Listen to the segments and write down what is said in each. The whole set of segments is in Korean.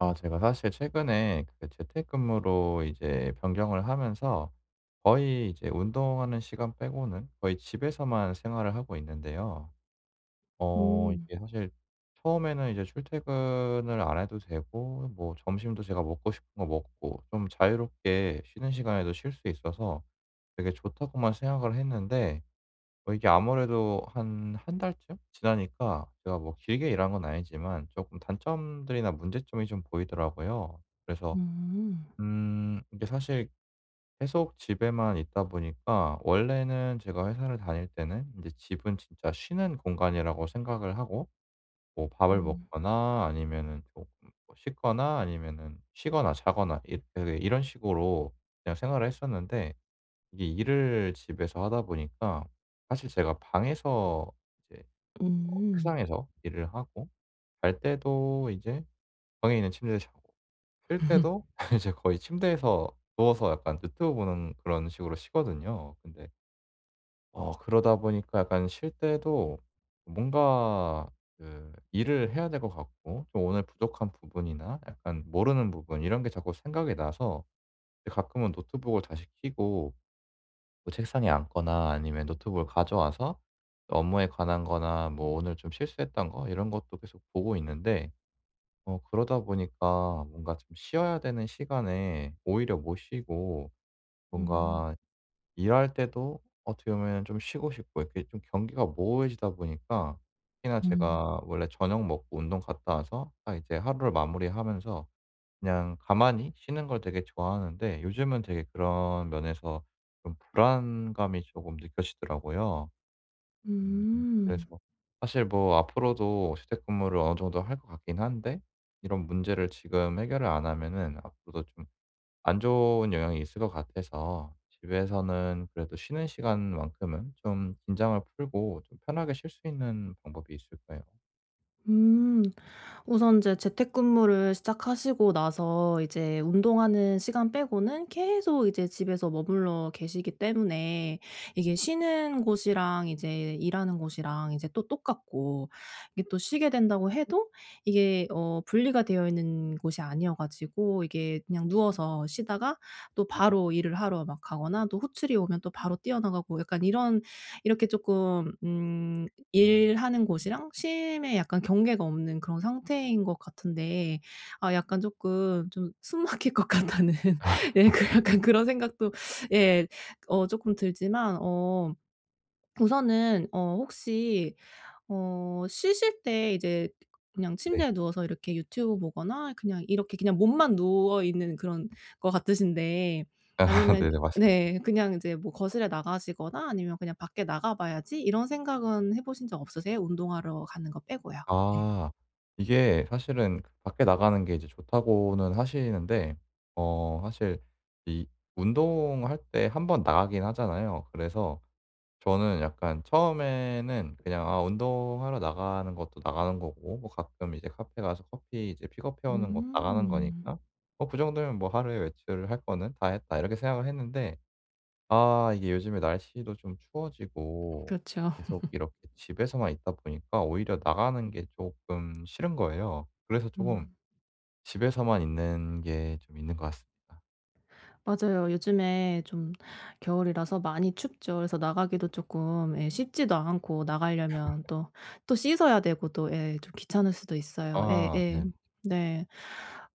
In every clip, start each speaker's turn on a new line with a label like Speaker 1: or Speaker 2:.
Speaker 1: 아 제가 사실 최근에 그 재택근무로 이제 변경을 하면서 거의 이제 운동하는 시간 빼고는 거의 집에서만 생활을 하고 있는데요. 어
Speaker 2: 음.
Speaker 1: 이게 사실 처음에는 이제 출퇴근을 안 해도 되고 뭐 점심도 제가 먹고 싶은 거 먹고 좀 자유롭게 쉬는 시간에도 쉴 수 있어서 '되게 좋다.'고만 생각을 했는데 어 이게 아무래도 한 1 달쯤 지나니까 제가 뭐 길게 일한 건 아니지만 쪼끔 단점들이나 문제점이 좀 보이더라고요. 그래서
Speaker 2: 음.
Speaker 1: 음 이게 사실 계속 집에만 있다 보니까 원래는 제가 회사를 다닐 때는 인제 집은 진짜 쉬는 공간이라고 생각을 하고 뭐 밥을
Speaker 2: 음.
Speaker 1: 먹거나 아니면은 쪼끔 뭐 씻거나 아니면은 쉬거나 자거나 있 그 이런 식으로 그냥 생활을 했었는데 이게 일을 집에서 하다 보니까 사실 제가 방에서 이제 어
Speaker 2: 음.
Speaker 1: 책상에서 일을 하고 잘 때도 이제 방에 있는 침대에서 자고 쉴 때도 이제 거의 침대에서 누워서 약간 유튜브 보는 그런 식으로 쉬거든요. 근데 어 그러다 보니까 약간 쉴 때도 뭔가 그 일을 해야 될 것 같고 좀 오늘 부족한 부분이나 약간 모르는 부분 이런 게 자꾸 생각이 나서 이 가끔은 노트북을 다시 켜고 뭐 책상에 앉거나 아니면 노트북을 가져와서 업무에 관한 거나 뭐 오늘 좀 실수했던 거 이런 것도 계속 보고 있는데 어 그러다 보니까 뭔가 좀 쉬어야 되는 시간에 오히려 못 쉬고
Speaker 2: 음.
Speaker 1: 뭔가 일할 때도 어떻게 보면 좀 쉬고 싶고 이렇게 좀 경계가 모호해지다 보니까 특히나
Speaker 2: 음.
Speaker 1: 제가 원래 저녁 먹고 운동 갔다 와서 딱 이제 하루를 마무리하면서 그냥 가만히 쉬는 걸 되게 좋아하는데 요즘은 되게 그런 면에서 좀 불안감이 조금 느껴지더라고요. 음. 그래서
Speaker 2: 음.
Speaker 1: 사실 뭐 앞으로도 재택근무를 어느 정도 할 것 같긴 한데 이런 문제를 지금 해결을 안 하면은 앞으로도 좀 안 좋은 영향이 있을 것 같아서 집에서는 그래도 쉬는 시간 만큼은 좀 긴장을 풀고 좀 편하게 쉴 수 있는 방법이 있을까요?
Speaker 2: 음. 우선 인제 재택근무를 시작하시고 나서 이제 운동하는 시간 빼고는 계속 이제 집에서 머물러 계시기 때문에 이게 쉬는 곳이랑 이제 일하는 곳이랑 이제 또 똑같고 이게 또 쉬게 된다고 해도 이게 어 분리가 되어 있는 곳이 아니어 가지고 이게 그냥 누워서 쉬다가 또 바로 일을 하러 막 가거나 또 호출이 오면 또 바로 뛰어 나가고 약간 이런 이렇게 쪼끔 음
Speaker 1: 음.
Speaker 2: 일하는 곳이랑 쉼에 약간 경계가 없는 그런 상태인 것 같은데 아 약간 쪼끔 좀 '숨 막힐 것 같다.'는 예 약간 그런 생각도 예 어 쪼끔 들지만 어 우선은 어 혹시 어 쉬실 때 이제 그냥
Speaker 1: 네.
Speaker 2: 침대에 누워서 이렇게 유튜브 보거나 그냥 이렇게 그냥 몸만 누워있는 그런 것 같으신데
Speaker 1: 아
Speaker 2: 아니면
Speaker 1: 네네. 맞습니다.
Speaker 2: 네 그냥 이제 뭐 거실에 나가시거나 아니면 그냥 '밖에 나가 봐야지.' 이런 생각은 해 보신 적 없으세요? 운동하러 가는 것 빼고요. 네.
Speaker 1: 아 이게 사실은 밖에 나가는 게 이제 좋다고는 하시는데 어 사실 이 운동할 때 1 번 나가긴 하잖아요. 그래서 저는 약간 처음에는 그냥 '아 운동하러 나가는 것도 나가는 거고 뭐 가끔 이제 카페 가서 커피 이제 픽업해 오는 것 나가는
Speaker 2: 음.
Speaker 1: 거니까 뭐 그 정도면 뭐 하루에 외출을 할 거는 다 했다.' 이렇게 생각을 했는데 아 이게 요즘에 날씨도 좀 추워지고
Speaker 2: 그쵸.
Speaker 1: 계속 이렇게 집에서만 있다 보니까 오히려 나가는 게 쪼끔 싫은 거예요. 그래서 쪼금
Speaker 2: 음.
Speaker 1: 집에서만 있는 게 좀 있는 것 같습니다.
Speaker 2: 맞아요. 요즘에 좀 겨울이라서 많이 춥죠. 그래서 나가기도 쪼끔 예 씻지도 않고 나가려면 또 또 씻어야 되고 또 예 좀 귀찮을 수도 있어요.
Speaker 1: 아
Speaker 2: 예예.
Speaker 1: 네.
Speaker 2: 네.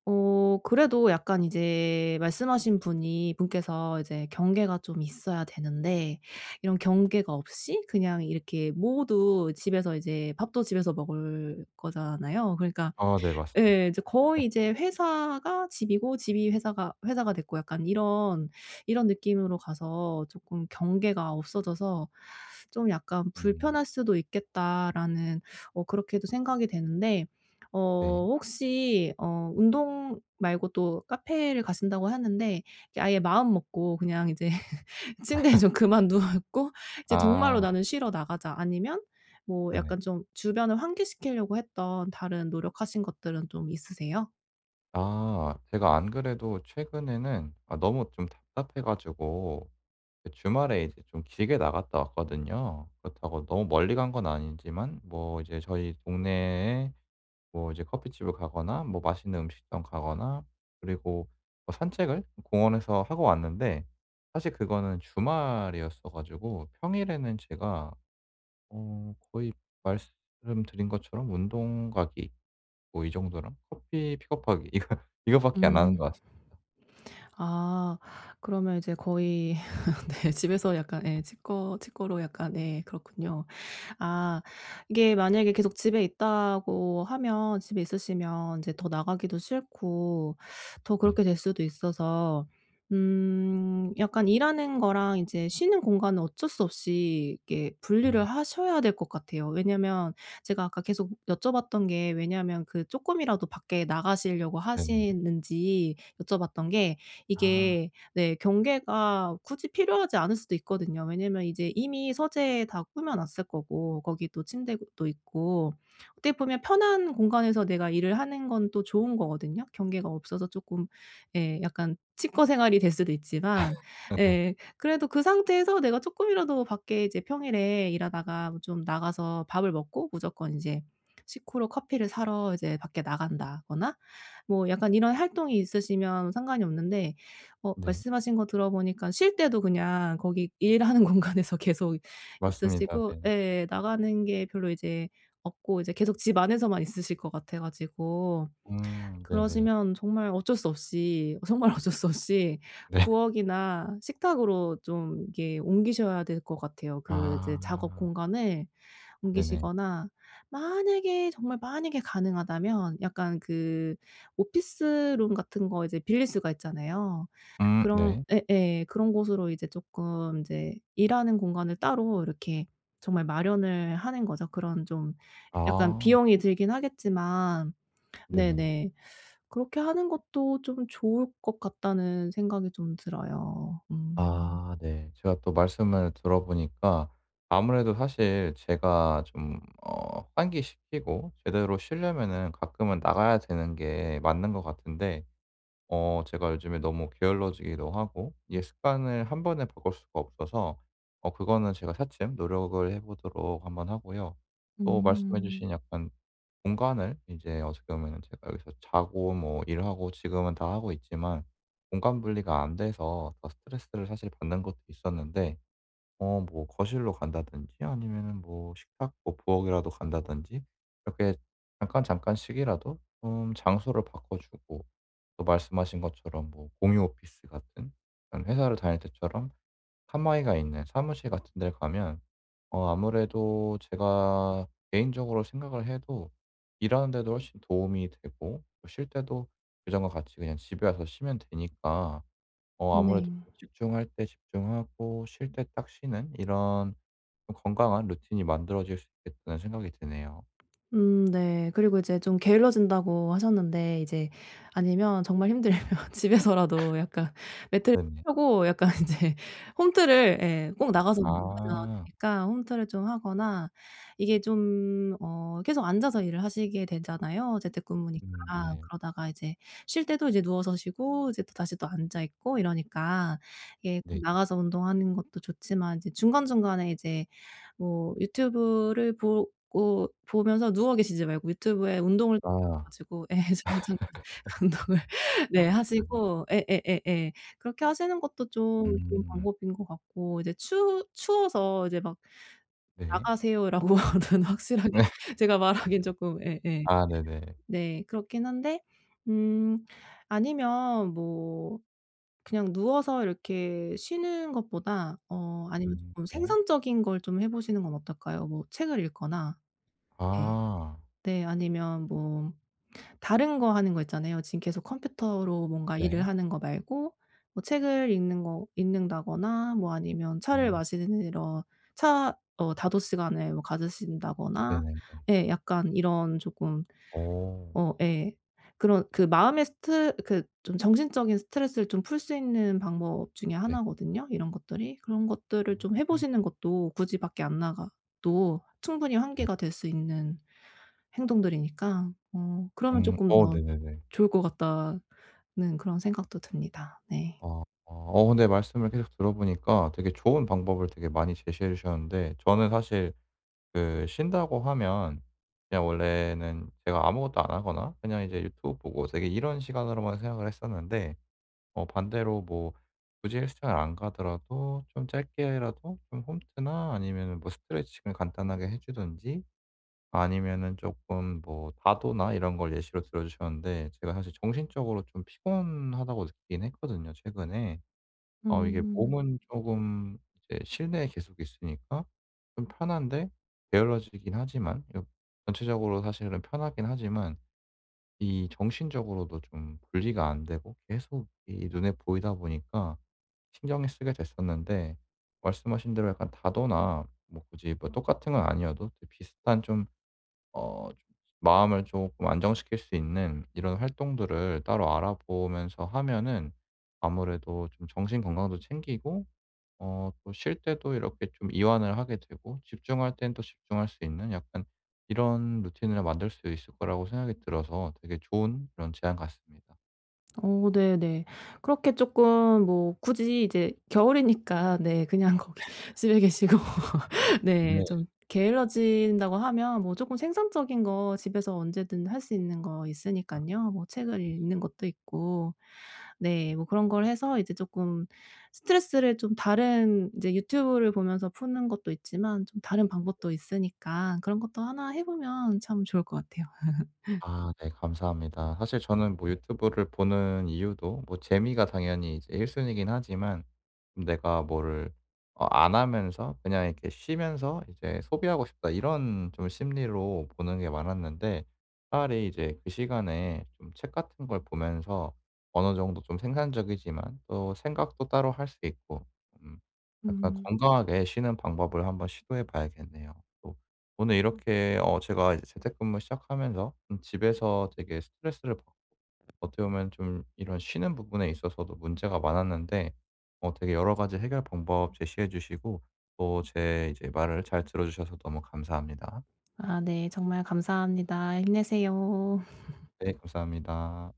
Speaker 2: 어 그래도 약간 이제 말씀하신 분이 분께서 이제 경계가 좀 있어야 되는데 이런 경계가 없이 그냥 이렇게 모두 집에서 이제 밥도 집에서 먹을 거잖아요. 그러니까
Speaker 1: 아 네 맞습니다.
Speaker 2: 예 인제 거의 이제 회사가 집이고 집이 회사가 회사가 됐고 약간 이런 이런 느낌으로 가서 쪼끔 '경계가 없어져서 좀 약간
Speaker 1: 음.
Speaker 2: 불편할 수도 있겠다.'라는 어 그렇게도 생각이 되는데 어
Speaker 1: 네.
Speaker 2: 혹시 어 운동 말고도 카페를 가신다고 했는데 그 아예 마음먹고 그냥 이제 '침대에 좀 그만 눕고 이제 정말로
Speaker 1: 아.
Speaker 2: 나는 쉬러 나가자.' 아니면 뭐
Speaker 1: 네네.
Speaker 2: 약간 좀 주변을 환기시키려고 했던 다른 노력하신 것들은 좀 있으세요?
Speaker 1: 아 제가 안 그래도 최근에는 아 너무 좀 답답해 가지고 예 주말에 이제 좀 길게 나갔다 왔거든요. 그렇다고 너무 멀리 간 건 아니지만 뭐 이제 저희 동네에 뭐 이제 커피집을 가거나 뭐 맛있는 음식점 가거나 그리고 뭐 산책을 공원에서 하고 왔는데 사실 그거는 주말이었어 가지고 평일에는 제가 어 거의 말씀드린 것처럼 운동 가기 뭐 이 정도랑 커피 픽업하기 이거 이거밖에 안 하는
Speaker 2: 음.
Speaker 1: 것 같습니다.
Speaker 2: 아 그러면 이제 거의 네 집에서 약간 예 칩거 칩거로 약간 예 그렇군요. 아 이게 만약에 계속 집에 있다고 하면 집에 있으시면 이제 더 나가기도 싫고 더
Speaker 1: 네.
Speaker 2: 그렇게 될 수도 있어서 음 약간 일하는 거랑 이제 쉬는 공간은 어쩔 수 없이 이렇게 분리를
Speaker 1: 음.
Speaker 2: 하셔야 될 것 같아요. 왜냐하면 제가 아까 계속 여쭤봤던 게 왜냐하면 그 쪼끔이라도 밖에 나가시려고
Speaker 1: 네네.
Speaker 2: 하시는지 여쭤봤던 게
Speaker 1: 아.
Speaker 2: 이게 네 경계가 굳이 필요하지 않을 수도 있거든요. 왜냐하면 이제 이미 서재에 다 꾸며 놨을 거고 거기도 침대도 있고 어떻게 보면 편한 공간에서 내가 일을 하는 건 또 좋은 거거든요. 경계가 없어서 쪼끔 예 약간 칩거 생활이 될 수도 있지만
Speaker 1: 네네.
Speaker 2: 예 그래도 그 상태에서 내가 쪼끔이라도 밖에 이제 평일에 일하다가 좀 나가서 밥을 먹고 무조건 이제 식후로 커피를 사러 이제 밖에 나간다거나 뭐 약간 이런 활동이 있으시면 상관이 없는데 어
Speaker 1: 네.
Speaker 2: 말씀하신 거 들어보니까 쉴 때도 그냥 거기 일하는 공간에서 계속
Speaker 1: 맞습니다.
Speaker 2: 있으시고
Speaker 1: 네.
Speaker 2: 예 나가는 게 별로 이제 없고 이제 계속 집 안에서만 있으실 것 같아 가지고
Speaker 1: 음 네네.
Speaker 2: 그러시면 정말 어쩔 수 없이 정말 어쩔 수 없이
Speaker 1: 네.
Speaker 2: 부엌이나 식탁으로 좀 이렇게 옮기셔야 될 것 같아요. 그 이제 작업
Speaker 1: 아.
Speaker 2: 공간을
Speaker 1: 네네.
Speaker 2: 옮기시거나 만약에 정말 만약에 가능하다면 약간 그 오피스룸 같은 거 이제 빌릴 수가 있잖아요.
Speaker 1: 음
Speaker 2: 그런
Speaker 1: 네.
Speaker 2: 예예 그런 곳으로 이제 쪼끔 이제 일하는 공간을 따로 이렇게 정말 마련을 하는 거죠. 그런 좀 약간
Speaker 1: 아.
Speaker 2: 비용이 들긴 하겠지만
Speaker 1: 네네.
Speaker 2: 네네 그렇게 하는 것도 좀 좋을 것 같다는 생각이 좀 들어요. 음.
Speaker 1: 아 네. 제가 또 말씀을 들어 보니까 아무래도 사실 제가 좀 어 환기시키고 제대로 쉬려면은 가끔은 나가야 되는 게 맞는 것 같은데 어 제가 요즘에 너무 게을러지기도 하고 이게 습관을 한 번에 바꿀 수가 없어서 어 그거는 제가 차츰 노력을 해 보도록 한번 하고요. 또 말씀해
Speaker 2: 음.
Speaker 1: 주신 약간 공간을 이제 어떻게 보면은 제가 여기서 자고 뭐 일하고 지금은 다 하고 있지만 공간 분리가 안 돼서 더 스트레스를 사실 받는 것도 있었는데 어 뭐 거실로 간다든지 아니면은 뭐 식탁 뭐 부엌이라도 간다든지 이렇게 잠깐, 잠깐씩이라도 좀 장소를 바꿔주고 또 말씀하신 것처럼 뭐 공유 오피스 같은 그런 회사를 다닐 때처럼 칸막이가 있는 사무실 같은 데를 가면 어 아무래도 제가 개인적으로 생각을 해도 일하는 데도 훨씬 도움이 되고 어 쉴 때도 예전과 같이 그냥 집에 와서 쉬면 되니까 어 아무래도
Speaker 2: 네.
Speaker 1: 집중할 때 집중하고 쉴 때 딱 쉬는 이런 어 건강한 루틴이 만들어질 수 있겠다는 생각이 드네요.
Speaker 2: 음 네. 그리고 이제 좀 게을러진다고 하셨는데 이제 아니면 정말 힘들면 집에서라도 약간 매트를
Speaker 1: 네네.
Speaker 2: 펴고 약간 이제 홈트를 예 꼭 나가서 운동하지는 않아도
Speaker 1: 아.
Speaker 2: 되니까 홈트를 좀 하거나 이게 좀 어 계속 앉아서 일을 하시게 되잖아요 재택근무니까.
Speaker 1: 음 네.
Speaker 2: 그러다가 이제 쉴 때도 이제 누워서 쉬고 이제 또 다시 또 앉아있고 이러니까 이게
Speaker 1: 네.
Speaker 2: 꼭 나가서 운동하는 것도 좋지만 이제 중간중간에 이제 뭐 유튜브를 보고 보면서 누워 계시지 말고 유튜브에 운동을 [unintelligible]
Speaker 1: 아.
Speaker 2: 가지고 예 잠 잠깐 운동을 네
Speaker 1: 네.
Speaker 2: 하시고 예예예예. 그렇게 하시는 것도 좀 좋은
Speaker 1: 음.
Speaker 2: 방법인 것 같고 이제 추 추워서 이제 막
Speaker 1: 네.
Speaker 2: "나가세요." 라고는 확실하게
Speaker 1: 네.
Speaker 2: 제가 말하기엔 쪼끔 예예.
Speaker 1: 아 네네.
Speaker 2: 네 그렇긴 한데 음 아니면 뭐 그냥 누워서 이렇게 쉬는 것보다 어 아니면
Speaker 1: 음
Speaker 2: 쪼끔
Speaker 1: 네.
Speaker 2: 생산적인 걸 좀 해 보시는 건 어떨까요? 뭐 책을 읽거나 예.
Speaker 1: 아.
Speaker 2: 네 아니면 뭐 다른 거 하는 거 있잖아요. 지금 계속 컴퓨터로 뭔가 일을
Speaker 1: 네.
Speaker 2: 하는 거 말고 뭐 책을 읽는 거 읽는 다거나 뭐 아니면 차를
Speaker 1: 아.
Speaker 2: 마시는 이런 차 어 다도 시간을 뭐 가지신다거나
Speaker 1: 네네네.
Speaker 2: 예 약간 이런 쪼끔
Speaker 1: 오.
Speaker 2: 어 예. 그런 그 마음의 스트 그 좀 정신적인 스트레스를 좀 풀 수 있는 방법 중에
Speaker 1: 네.
Speaker 2: 1 거든요 이런 것들이. 그런 것들을 좀 해
Speaker 1: 음.
Speaker 2: 보시는 것도 굳이 밖에 안 나가도 충분히
Speaker 1: 네.
Speaker 2: 환기가 될 수 있는 행동들이니까 어 그러면
Speaker 1: 음.
Speaker 2: 쪼끔
Speaker 1: 어
Speaker 2: 더
Speaker 1: 네네네.
Speaker 2: 좋을 것 같다는 그런 생각도 듭니다. 네.
Speaker 1: 어 어. 어 근데 말씀을 계속 들어 보니까 되게 좋은 방법을 되게 많이 제시해 주셨는데 저는 사실 그 쉰다고 하면 그냥 원래는 제가 아무것도 안 하거나 그냥 이제 유튜브 보고 되게 이런 시간으로만 생각을 했었는데 어 반대로 뭐 굳이 헬스장을 안 가더라도 좀 짧게라도 좀 홈트나 아니면은 뭐 스트레칭을 간단하게 해 주든지 아니면은 조금 뭐 다도나 이런 걸 예시로 들어 주셨는데 제가 사실 '정신적으로 좀 피곤하다.'고 느끼긴 했거든요 최근에. 어 이게
Speaker 2: 음.
Speaker 1: 몸은 쪼금 이제 실내에 계속 있으니까 좀 편한데 게을러지긴 하지만요. 전체적으로 사실은 편하긴 하지만 이 정신적으로도 좀 분리가 안 되고 계속 이 눈에 보이다 보니까 신경을 쓰게 됐었는데 말씀하신 대로 약간 다도나 뭐 굳이 뭐 똑같은 건 아니어도 이제 비슷한 좀 어 마음을 조금 안정시킬 수 있는 이런 활동들을 따로 알아보면서 하면은 아무래도 좀 정신 건강도 챙기고 어 또 쉴 때도 이렇게 좀 이완을 하게 되고 집중할 땐 또 집중할 수 있는 약간 이런 루틴을 만들 수 있을 거라고 생각이 들어서 되게 좋은 그런 제안 같습니다.
Speaker 2: 오. 네네. 그렇게 쪼끔 뭐 굳이 이제 겨울이니까 네. 그냥 거기 집에 계시고
Speaker 1: 네.
Speaker 2: 네. 좀 게을러진다고 하면 뭐 쪼금 생산적인 거 집에서 언제든 할 수 있는 거
Speaker 1: 아.
Speaker 2: 있으니깐요, 뭐 책을
Speaker 1: 네네.
Speaker 2: 읽는 것도 있고.
Speaker 1: 음.
Speaker 2: 네. 뭐 그런 걸 해서 이제 쪼끔 스트레스를 좀 다른 인제 유튜브를 보면서 푸는 것도 있지만 좀 다른
Speaker 1: 네.
Speaker 2: 방법도 있으니까 그런 것도 1 해 보면 참 좋을 것 같아요.
Speaker 1: 아. 네. 감사합니다. 사실 저는 뭐 유튜브를 보는 이유도 뭐 재미가 당연히 이제 1 순위이긴 하지만 음 '내가 뭐를 어 안 하면서 그냥 이렇게 쉬면서 이제 소비하고 싶다.' 이런 좀 심리로 보는 게 많았는데 차라리 이제 그 시간에 좀 책 같은 걸 보면서 어느 정도 좀 생산적이지만 또 생각도 따로 할 수 있고 음. 약간
Speaker 2: 음.
Speaker 1: 건강하게 쉬는 방법을 한 번 시도해 봐야겠네요. 또 오늘 이렇게 어 제가 이제 재택근무 시작하면서 좀 집에서 되게 스트레스를 받고 어떻게 보면 좀 이런 쉬는 부분에 있어서도 문제가 많았는데 어 되게 여러 가지 해결 방법 제시해 주시고 또 제 이제 말을 잘 들어주셔서 너무 감사합니다.
Speaker 2: 아 네. 정말 감사합니다. 힘내세요.
Speaker 1: 네. 감사합니다.